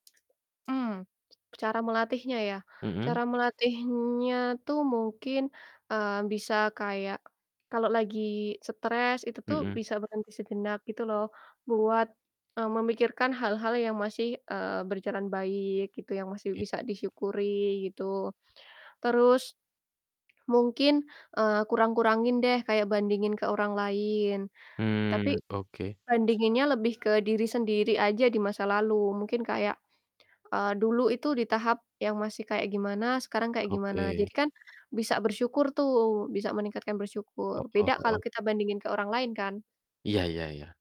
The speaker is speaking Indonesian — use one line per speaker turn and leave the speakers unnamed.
Mmm, cara melatihnya ya,
Mhm?
cara melatihnya tuh mungkin, eee, bisa kayak kalo lagi stress, itu tuh
Mhm.
bisa berhenti sejenak gitu loh, buat, eee, memikirkan hal-hal yang masih, eee, berjalan baik gitu, yang masih
Iya.
bisa disyukuri gitu. Terus, mungkin, eee, kurang-kurangin deh kayak bandingin ke orang lain. Tapi
Mmm, oke.
bandinginnya lebih ke diri sendiri aja di masa lalu mungkin kayak, eee, dulu itu di tahap yang masih kayak gimana, sekarang kayak gimana, jadi
Oke.
kan bisa bersyukur tuh, bisa meningkatkan bersyukur.
Heeh
Beda kalau
heeh.
kita bandingin ke orang lain kan?
Iya iya iya.